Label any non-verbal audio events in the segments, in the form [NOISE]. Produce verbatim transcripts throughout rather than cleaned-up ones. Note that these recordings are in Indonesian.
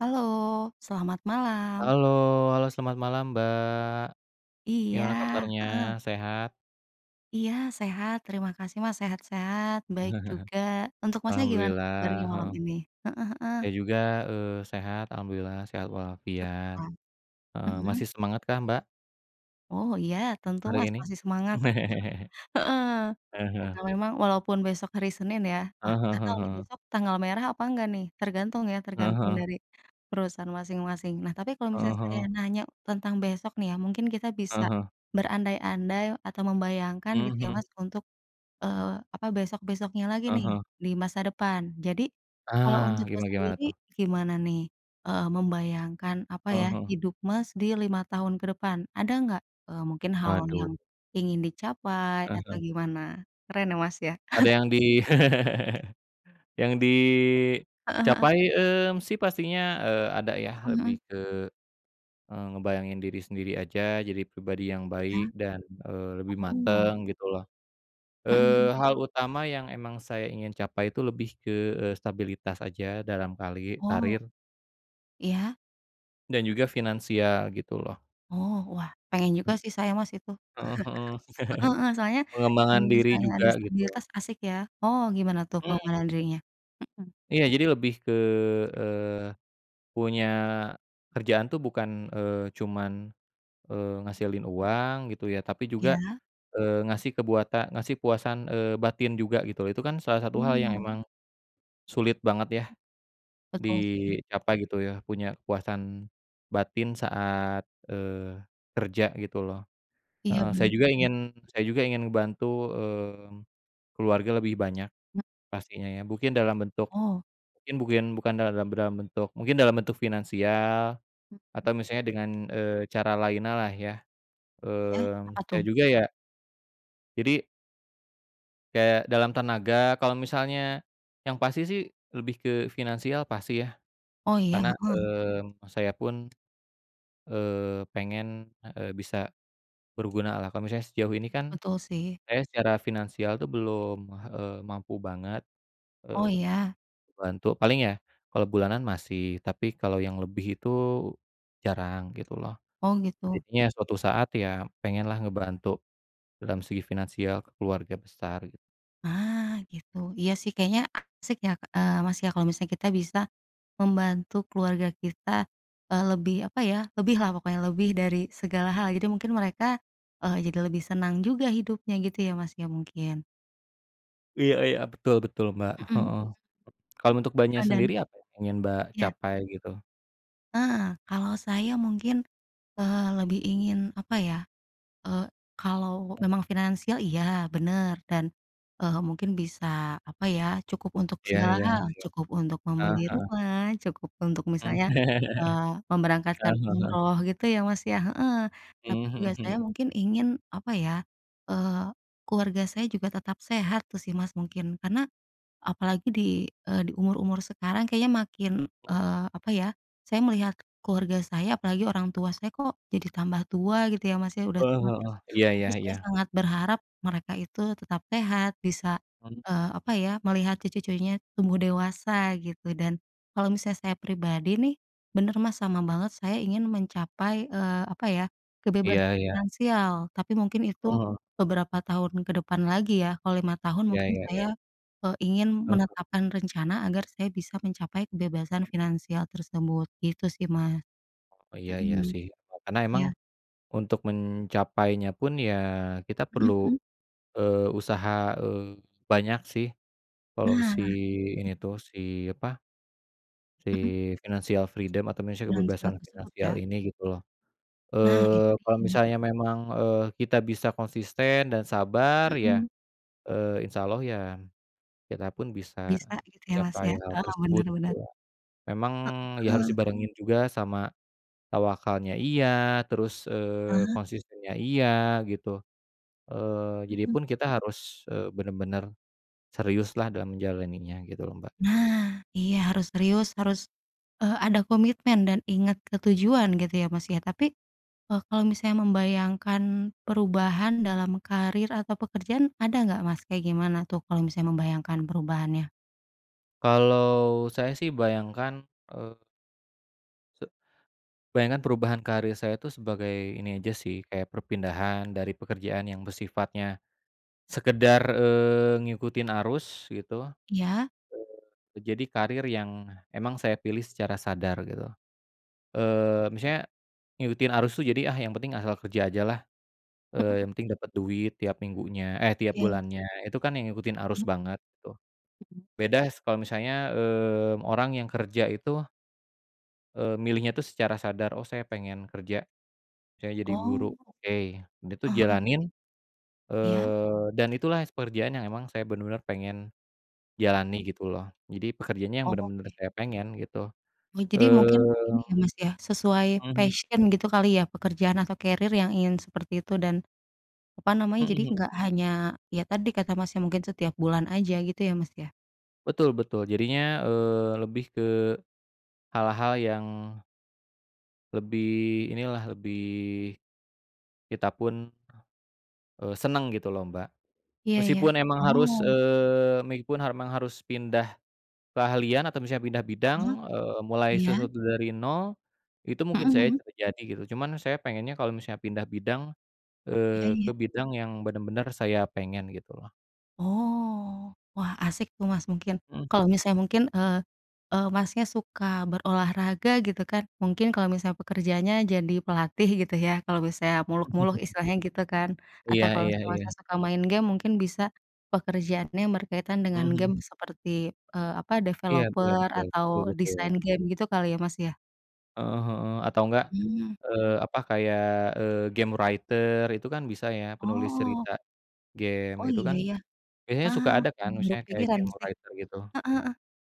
Halo. Selamat malam. Halo halo, selamat malam, Mbak. Iya, Gimana kabarnya, heeh. sehat? Iya, sehat. Terima kasih, Mas, sehat-sehat, baik [CHUCKLES] juga. Untuk Masnya gimana nih kabarnya Alhamdulillah, malam heeh. ini? Heeh heeh. Saya juga, eee, sehat, Alhamdulillah, sehat walafiat. Syukurlah. Eee, Mhm? masih semangat kah, Mbak? Oh, iya, tentu Hari Mas ini? masih semangat. [CHUCKLES] [CHUCKLES] Heeh. Ah Karena hah. memang walaupun besok hari Senin ya wah, Ah hah nggak ah tahu nih hah. besok tanggal merah apa enggak nih, tergantung ya, Heeh tergantung heeh. dari perusahaan masing-masing. Nah tapi kalau Heeh misalnya saya heeh. nanya tentang besok nih ya, mungkin kita bisa Heeh heeh. berandai-andai atau membayangkan Mmm, gitu ya mhm. Mas, untuk, eee, apa, besok-besoknya lagi Ah nih, hah. di masa depan. Jadi, kalau Ah, untuk Mas gimana gimana, sendiri tuh? gimana nih, eee, membayangkan, apa ya, Heeh heeh. hidup Mas di lima tahun ke depan. Ada nggak, eee, mungkin hal Waduh. yang ingin dicapai Aha. atau gimana? Keren ya, Mas, ya? Ada [CHUCKLES] yang di [LAUGHS] yang Heeh heeh. dicapai, mmm, sih pastinya, eee, ada ya. Mhm Lebih mhm. ke, eee, ngebayangin diri sendiri aja, jadi pribadi yang Iya. baik dan, eee, lebih Oh. mateng, gitu loh. Mhm mhm. Eee, hal utama yang emang saya ingin capai itu lebih ke, eee, stabilitas aja dalam kali Oh. karir. Iya. Dan juga finansial gitu loh. Oh, wah, pengen juga Hmm. sih saya Mas itu. Heeh heeh. [CHUCKLES] heeh heeh, [CHUCKLES] soalnya kalau Pengembangan diri misalnya ada juga gitu loh. stabilitas asik ya. Oh, gimana tuh Mmm. pengembangan dirinya? Mhm. Iya jadi lebih ke, eee, punya kerjaan tuh bukan, eee, cuman, eee, ngehasilin uang gitu ya, tapi juga, Iya. eee, ngasih kebuata ngasih puasan, eee, batin juga gitu loh. Itu kan salah satu hal yang Oh. emang sulit banget ya Betul sih. dicapai gitu ya, punya puasan batin saat, eee, kerja gitu loh. Iya, Heeh, saya benar juga benar. ingin saya juga ingin ngebantu, mmm, keluarga lebih banyak Mmm. pastinya ya. Bukin dalam bentuk, Oh. kin bukin bukan dalam bram bentuk mungkin dalam bentuk finansial Mhm. atau misalnya dengan, eee, cara laina lah ya, Iya, apa mmm, saya tuh? juga ya jadi kayak dalam tenaga kalau misalnya yang pasti sih, lebih ke finansial pasti ya, Oh, iya, karena, heeh. mmm, saya pun, eee, pengen, a eee, bisa bergunalah. Kalau misalnya sejauh ini kan Betul sih. saya secara finansial tuh belum, eee, mampu banget, Oh, eee, iya? ngebantu, paling ya kalau bulanan masih, tapi kalau yang lebih itu jarang, gitu loh. Oh, gitu. Jadinya suatu saat ya pengenlah ngebantu dalam segi finansial ke keluarga besar gitu. Nah, gitu. Iya sih kayaknya asyik ya, eee, Mas, ya, kalau misalnya kita bisa membantu keluarga kita, eee, lebih apa ya, lebih lah pokoknya, lebih dari segala hal. Jadi mungkin mereka, eee, jadi lebih senang juga hidupnya gitu ya, Mas, ya, mungkin. Iya iya, betul betul Mbak, Mhm heeh. mhm. Kalau untuk Mbaknya Eee, dan sendiri, apa yang pengen Mbak, Iya. capai gitu? Ah, kalau saya mungkin, eee, lebih ingin apa ya, eee, kalau memang finansial, iya, bener, dan, eee, mungkin bisa apa ya, cukup untuk Iya segala iya hal, iya. cukup untuk Heeh membeli heeh. rumah, cukup untuk Mmm. misalnya, [CHUCKLES] eee, Heeh memberangkatkan heeh heeh. umroh gitu ya, Mas, ya, heeh. Tapi Mmm, juga mhm saya mhm. mungkin ingin apa ya, eee, keluarga saya juga tetap sehat tuh sih, Mas, mungkin. Karena apalagi di, eee, di umur-umur sekarang kayaknya makin, Tul. eee, apa ya, saya melihat keluarga saya, apalagi orang tua saya, kok jadi tambah tua gitu ya, Mas, ya, udah Oh tua. Terus heeh. Iya tapi iya saya iya. sangat berharap mereka itu tetap sehat, bisa, Hmm. eee, apa ya, melihat cucu-cucunya tumbuh dewasa gitu. Dan kalau misalnya saya pribadi nih, bener, Mas, sama banget. Saya ingin mencapai, eee, apa ya, kebebasan Iya iya. finansial. Tapi mungkin itu Heeh. beberapa tahun ke depan lagi ya. Kalau lima tahun Iya mungkin iya iya. saya, eee, ingin Heeh. menetapkan rencana agar saya bisa mencapai kebebasan finansial tersebut. Gitu sih, Mas. Oh, ya iya Mhm. sih. Eee, karena emang Iya. untuk mencapainya pun ya, kita perlu, Mhm mhm. eee, usaha, eee, banyak sih, kalau Nah, si jadi ini tuh, si apa, si Mhm. financial freedom atau misya Finansial kebebasan tersebut finansial ya? ini gitu loh. Nah, itu Eee, kalau dia. misalnya memang, eee, kita bisa konsisten dan sabar ya, Mhm. eee, Insya Allah ya, kita pun bisa Bisa gitu ya, Mas, ya? mencapai hal Oh, bener tersebut gitu bener. ya. Memang, ya harus Heeh. dibarengin juga sama tawakalnya, iya, terus, eee, Heeh. konsistennya iya, gitu. Eee, jadi Mhm. pun kita harus, eee, benar-benar serius lah dalam menjalaninya gitu loh, Mbak. Nah. Iya harus serius, harus, eee, ada komitmen dan ingat ke tujuan gitu ya, Mas, ya. Tapi, eee, kalau misalnya membayangkan perubahan dalam karier atau pekerjaan, ada nggak Mas, kayak gimana tuh kalau misalnya membayangkan perubahannya? Kalau saya sih bayangkan, eee se bayangkan perubahan karir saya itu sebagai ini aja sih kayak perpindahan dari pekerjaan yang bersifatnya, sekedar, eee, ngikutin arus gitu, Iya. eee, jadi karir yang emang saya pilih secara sadar gitu, Oh. eee, misalnya, ngikutin arus itu jadi yang penting asal kerja aja lah, eee, Mhm. yang penting dapet duit tiap minggunya eh, tiap Iya. bulannya itu kan yang ngikutin arus Mmm. banget gitu, Mhm. bedas kalau misalnya, mmm, orang yang kerja itu Eee, milihnya itu secara sadar oh saya pengen kerja, saya jadi guru Oh, oke, itu eee, heeh. jalanin, Iya. eee, dan itulah pekerjaan yang emang saya bener-bener pengen, Mmm. jalani gitu loh jadi pekerjaannya yang benar-benar Oke. saya pengen gitu, Oh jadi eee, mungkin ini ya Mas ya sesuai mhm. passion gitu kali ya pekerjaan atau kerir yang ingin seperti itu dan, apa namanya jadi Mhm. nggak hanya ya tadi kata Mas ya mungkin setiap bulan aja gitu ya Mas ya. Betul betul jadinya, eee, lebih ke, hal-hal yang Lebih inilah, lebih kita pun, eee, senang gitu loh, Mbak. Iya iya, Meskipun emang harus, oh. eee, meiupun harmang harus pindah keahlian atau misalnya pindah bidang, Heeh, eee, mulai iya. sesuatu dari nol, itu Mhm mungkin saya mhm. terjadi gitu. Cuman saya pengennya kalau misalnya pindah bidang, Iya eee, ke iya. bidang yang benar-benar saya pengen gitu loh. Oh, wah, asik tuh, Mas, mungkin, Mhm kalau mhm. misalnya mungkin, eee eee, Masnya suka berolahraga gitu kan, mungkin kalau misalnya pekerjaannya jadi pelatih gitu ya. Kalau misalnya muluk-muluk [CHUCKLES] istilahnya gitu kan Iya atau kalau iya iya. Masnya, suka main game mungkin bisa pekerjaannya yang berkaitan dengan Mhm. game seperti, eee, apa, Iya iya. developer Betul atau betul desain betul. game gitu kali ya, Mas, ya. Heeh heeh, atau enggak, Mmm. eee, apa, kayak, eee, game writer itu kan bisa ya, penulis Oh. cerita game. Oh, Itu iya kan iya? biasanya Ah, suka ada kan, ini baru misalnya kayak kepikiran game sih. writer gitu. Heeh heeh.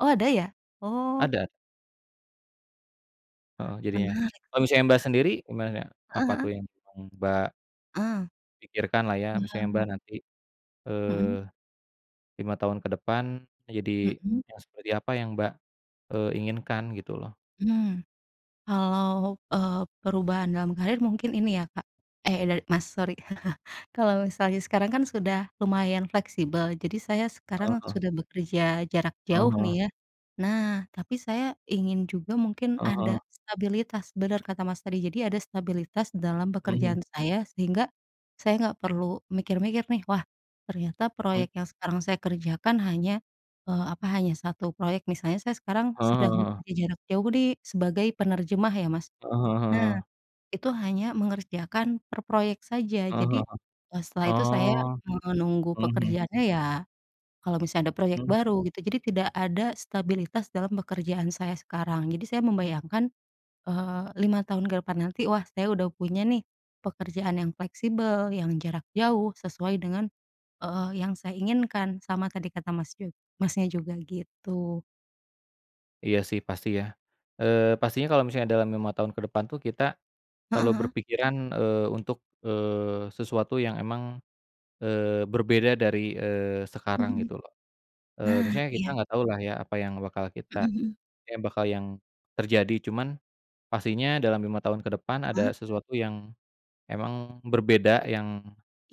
Oh, ada ya? Oh. Ada. Heeh, jadinya. Menarik sih. Kalau [CHUCKLES] misalnya, Mbak, sendiri gimana? Heeh Apa tuh heeh? yang yang, Mbak Ah. Pikirkan lah ya, Iya, misalnya Mbak mmm. nanti, Mhm. eee, lima tahun ke depan jadi Mhm. yang seperti apa yang Mbak, eee, inginkan, gitu loh. Hmm. Kalau, eee, perubahan dalam karir mungkin ini ya Kak, eh, dar Mas, sorry. [CHUCKLES] Kalau misalnya sekarang kan sudah lumayan fleksibel, jadi saya sekarang Heeh. sudah bekerja jarak Heeh jauh heeh. nih, ya. Nah, tapi saya ingin juga mungkin Heeh ada heeh. stabilitas. Bener kata Mas, tadi. Jadi, ada stabilitas dalam Mhm. pekerjaan saya, sehingga saya enggak perlu mikir-mikir nih, "Wah, ternyata Mhm. proyek yang sekarang saya kerjakan hanya, eee, apa, hanya satu proyek." Misalnya saya sekarang Heeh sedang heeh heeh. bekerja jarak jauh nih, sebagai penerjemah ya, Mas. Heeh heeh Nah, heeh. itu hanya mengerjakan per proyek saja. Heeh Jadi, heeh. eee, setelah itu, saya Oh. menunggu Mhm mhm. pekerjaannya ya kalau misalnya ada proyek Mmm. baru, gitu. Jadi, tidak ada stabilitas dalam pekerjaan saya sekarang. Jadi saya membayangkan, eee, lima tahun ke depan nanti, wah, saya udah punya nih pekerjaan yang fleksibel, yang jarak jauh, sesuai dengan, eee, yang saya inginkan, sama tadi kata Mas ju Masnya juga, gitu. Iya sih pasti ya, eee, pastinya kalau misalnya dalam lima tahun ke depan tuh kita, selalu Heeh heeh. berpikiran, eee, untuk, eee, sesuatu yang emang, eee, berbeda dari, eee, sekarang Mhm mhm, gitu loh, eee, nah misalnya kita iya. enggak tahu lah ya apa yang bakal kita Mhm mhm. kayak bakal yang, terjadi cuman, pastinya dalam lima tahun ke depan Heeh. ada sesuatu yang, emang berbeda yang,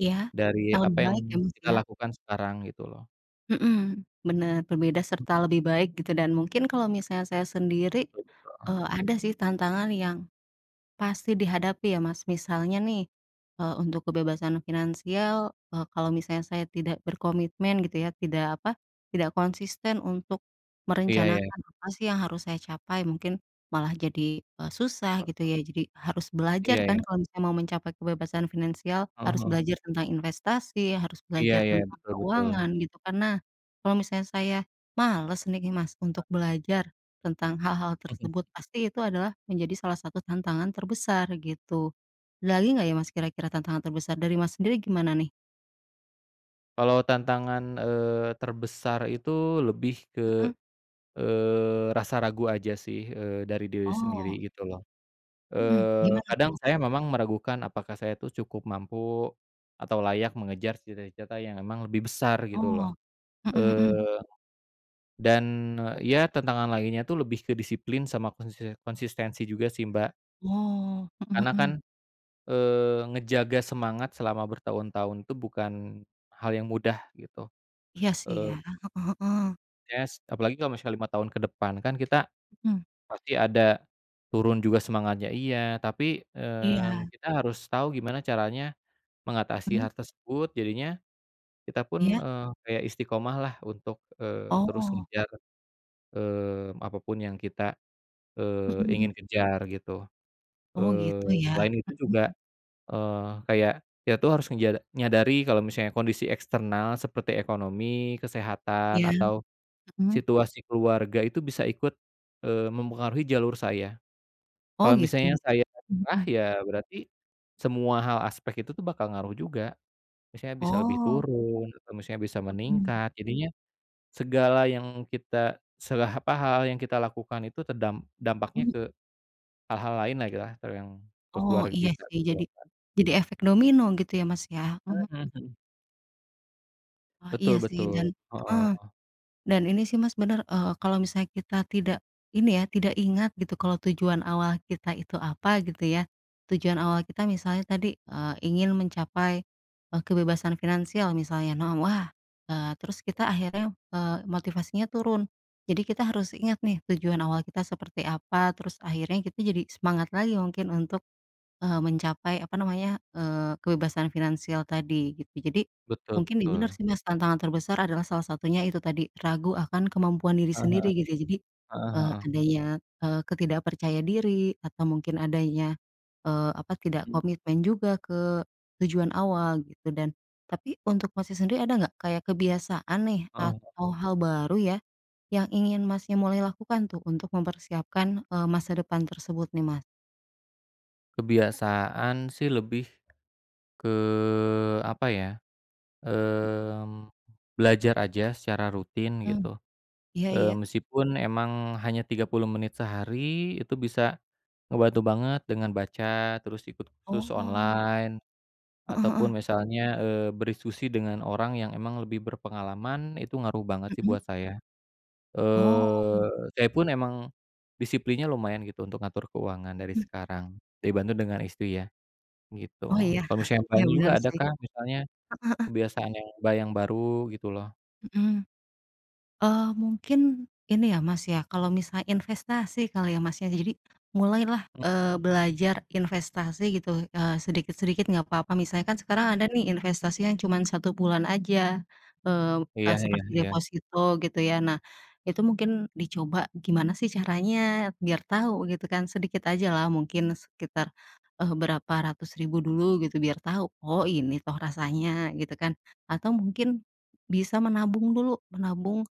Iya dari hal apa yang baik ya Mas kita ya. lakukan sekarang gitu loh. Mhm, bener berbeda serta lebih baik gitu dan mungkin kalau misalnya saya sendiri, Betul betul. eee, ada sih tantangan yang, pasti dihadapi ya Mas misalnya nih, eee, untuk kebebasan finansial, eee, kalau misalnya saya tidak berkomitmen gitu ya tidak apa, tidak konsisten untuk, Iya ya. merencanakan apa sih yang harus saya capai mungkin, malah jadi, eee, susah gitu Heeh. ya jadi harus belajar Iya kan ya. kalau misalnya mau mencapai kebebasan finansial, Heeh harus heeh. belajar tentang investasi, harus Iya belajar iya tentang betul betul. keuangan gitu karena, kalau misalnya saya, males nih Mas untuk Heeh. belajar, tentang hal-hal Mhm. tersebut pasti itu adalah menjadi salah satu tantangan terbesar gitu. Ada lagi Mhm. nggak ya Mas kira-kira tantangan terbesar dari Mas sendiri gimana nih? Kalau tantangan, eee, terbesar itu lebih ke, Mhm. eee, rasa ragu aja sih, eee, dari diri sendiri, Oh. gitu loh. Mhm, Eee, gimana, kadang tuh? saya memang meragukan apakah saya tuh cukup mampu, atau layak mengejar cita-cita yang memang lebih besar, gitu loh. Oh. Mhm mhm. Eee, dan, ya, tentangan lainnya itu lebih ke disiplin sama konsisen konsistensi juga sih, Mbak. Oh, mhm Karena kan, mhm. eee, ngejaga semangat selama bertahun-tahun itu bukan hal yang mudah, gitu. Iya, sih, ya. Eee Heeh heeh. Yes. Apalagi kalau misalnya lima tahun ke depan, kan kita Mhm. pasti ada turun juga semangatnya iya. Tapi, eee, Iya. kita harus tau gimana caranya mengatasi Mhm. hal tersebut. Jadinya, kita pun, Iya. eee, kayak istiqamah lah untuk, eee, terus Oh. ngejar, eee, apapun yang kita, eee, Heeh. ingin kejar, gitu. Oh, Eee, gitu, ya? selain itu Mhm juga, mhm. eee, kayak kita tuh harus ngeja nyadari kalau misalnya kondisi eksternal seperti ekonomi, Iya. kesehatan, atau Mhm. situasi keluarga itu bisa ikut, eee, mempengaruhi jalur saya. Oh, Kalau misalnya gitu? saya Mmm, nyerah, mhm. ya, berarti semua hal aspek itu tuh bakal ngaruh juga. Misalnya bisa lebih Oh. turun, atau misalnya bisa Mhm. meningkat. Jadinya, segala yang kita seberapa hal yang kita lakukan itu terdam dampaknya Mhm. ke hal-hal lain lagi lah, ke yang ke Oh, keluarga iya, kita, sih. gitu Jadi loh, Mbak. jadi efek domino gitu ya Mas, ya? Mhm mhm. Mmm, mhm. Oh, Betul iya sih betul. dan heeh, Heeh. dan ini sih, Mas, benar, eee, kalau misalnya kita tidak ini ya, tidak ingat gitu kalau tujuan awal kita itu apa gitu ya. Tujuan awal kita misalnya tadi, eee, ingin mencapai, eee, kebebasan finansial misalnya no, wah, eee, terus kita akhirnya, eee, motivasinya turun. Jadi kita harus ingat nih tujuan awal kita seperti apa, terus akhirnya kita jadi semangat lagi mungkin untuk, eee, mencapai, apa namanya, eee, kebebasan finansial tadi gitu. Jadi Betul mungkin iya benar betul. sih, Mas, tantangan terbesar adalah salah satunya itu tadi, ragu akan kemampuan diri Heeh sendiri heeh. gitu ya. Jadi, Heeh eee, heeh. adanya, eee, ke tidak percaya diri atau mungkin adanya, eee, apa, tidak Mhm. komitmen juga ke tujuan awal gitu dan tapi untuk Masnya sendiri ada enggak kayak kebiasaan nih Heeh. atau hal baru ya yang ingin Masnya mulai lakukan tuh untuk mempersiapkan, eee, masa depan tersebut nih, Mas? Kebiasaan sih lebih ke, apa ya, Mhm. mmm, belajar aja secara rutin Mmm. gitu, Iya eee, iya. meskipun emang hanya tiga puluh menit sehari itu bisa ngebantu banget dengan baca, terus ikut sus Oh. online Heeh ataupun heeh. misalnya, eee, berdiskusi dengan orang yang memang lebih berpengalaman, itu ngaruh banget sih Mhm. buat saya. Oh. Eee, saya pun emang disiplinnya lumayan gitu untuk ngatur keuangan dari Hmm. sekarang, dibantu dengan istri ya, gitu. Oh, iya. Kalau misalnya [CHUCKLES] Iya Mbaknya juga benar ada sih. kah misalnya Heeh heeh. kebiasaan yang, Mbak, yang baru gitu loh? Mhm. Eee, mungkin ini ya Mas ya, kalau misalnya investasi kali ya Mas, ya. Jadi, mulai lah, eee, belajar investasi gitu, eee, sedikit-sedikit nggak apa-apa. Misalnya kan sekarang ada nih investasi yang cuma satu bulan aja, eee, e Iya iya seperti iya. deposito, gitu, ya. Nah, itu mungkin dicoba gimana sih caranya, biar tahu gitu kan, sedikit aja lah mungkin sekitar, eee, berapa ratus ribu dulu gitu, biar tahu, "Oh, ini toh rasanya." Gitu, kan. Atau mungkin bisa menabung dulu. Menabung,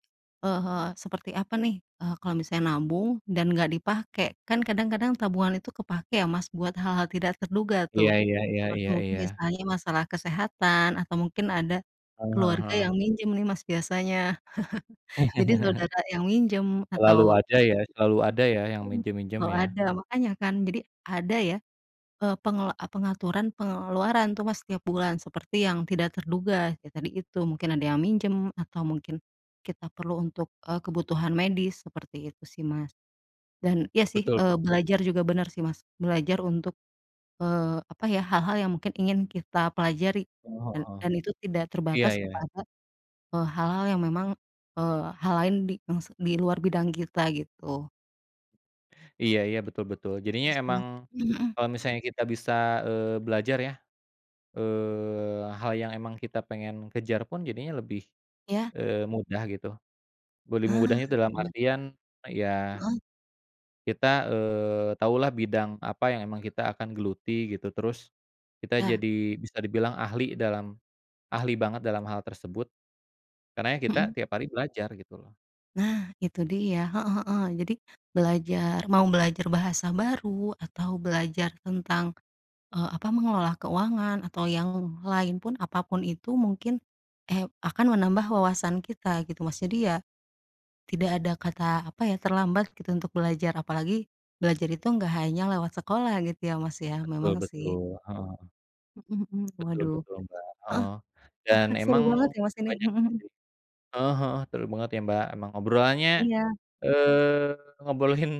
eee, seperti apa nih, eee, kalau misalnya nabung, dan nggak dipakai. Kan kadang-kadang tabungan itu kepakai ya Mas, buat hal-hal tidak terduga Iya tuh. iya iya Apalagi iya mungkin iya. misalnya masalah kesehatan, atau mungkin ada Heeh heeh keluarga heeh. yang minjem nih Mas biasanya. [CHUCKLES] Jadi [CHUCKLES] saudara yang minjem, Selalu atau ada ya selalu ada ya, yang mhm, minjem-minjem selalu ya? ada. Makanya, kan. Jadi, ada ya, eee, pengela e pengaturan pengeluaran tuh Mas setiap bulan, seperti yang tidak terduga. Ya, tadi itu, mungkin ada yang minjem, atau mungkin kita perlu untuk, eee, kebutuhan medis, seperti itu sih, Mas. Dan, iya sih, Betul eee, bet belajar juga bener sih, Mas. Belajar untuk, eee, apa ya, hal-hal yang mungkin ingin kita pelajari. Eee, Dan heeh. dan itu tidak Iya terbatas iya. kepada, eee, hal-hal yang memang, eee, hal lain di yang s di luar bidang kita, gitu. Iya iya, betul betul. Jadinya Terus emang, gimana? Mhm mhm. kalau misalnya kita bisa, eee, belajar ya, eee, hal yang emang kita pengen kejar pun jadinya lebih, Iya. eee, mudah gitu, be lebih Hah, mudahnya dalam bener. artian ya Heeh. kita, eee, tahu lah bidang apa yang emang kita akan geluti gitu terus, kita Iya. jadi bisa dibilang ahli dalam, ahli banget dalam hal tersebut, karena ya kita Mhm. tiap hari belajar gitu loh. Nah itu dia, heeh heeh. Jadi, belajar mau belajar bahasa baru atau belajar tentang, eee, apa, mengelola keuangan atau yang lain pun, apa pun itu mungkin, eh, akan menambah wawasan kita gitu, Mas. Jadi ya, tidak ada kata apa ya, terlambat gitu untuk belajar apalagi, belajar itu nggak hanya lewat sekolah gitu ya Mas ya, Betul memang sih. betul, heeh. Mhm mhm, Betul waduh, betul Mbak, heeh, heeh, dan [CHUCKLES] seru emang banget ya Mas ini, banyak mhm ini mhm. sih heeh heeh, seru banget ya, Mbak. Emang obrolannya, Iya. eee, ngobrolin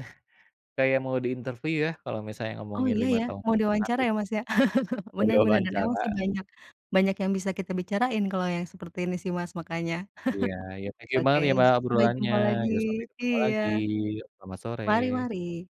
kayak mau di interview ya kalau misalnya Oh ngomongin iya lima ya, tahun mau ke depan diwawancara gitu. ya, Mas, ya? [CHUCKLES] Mau di Bener bener dan emang wawancara. sih banyak banyak yang bisa kita bicarain kalau yang seperti ini sih Mas, makanya Iya, ya [CHUCKLES] thank you oke banget ya Mbak, sampai obrolannya. jumpa lagi Yo sampai ketemu iya, lagi, selamat sore. mari mari.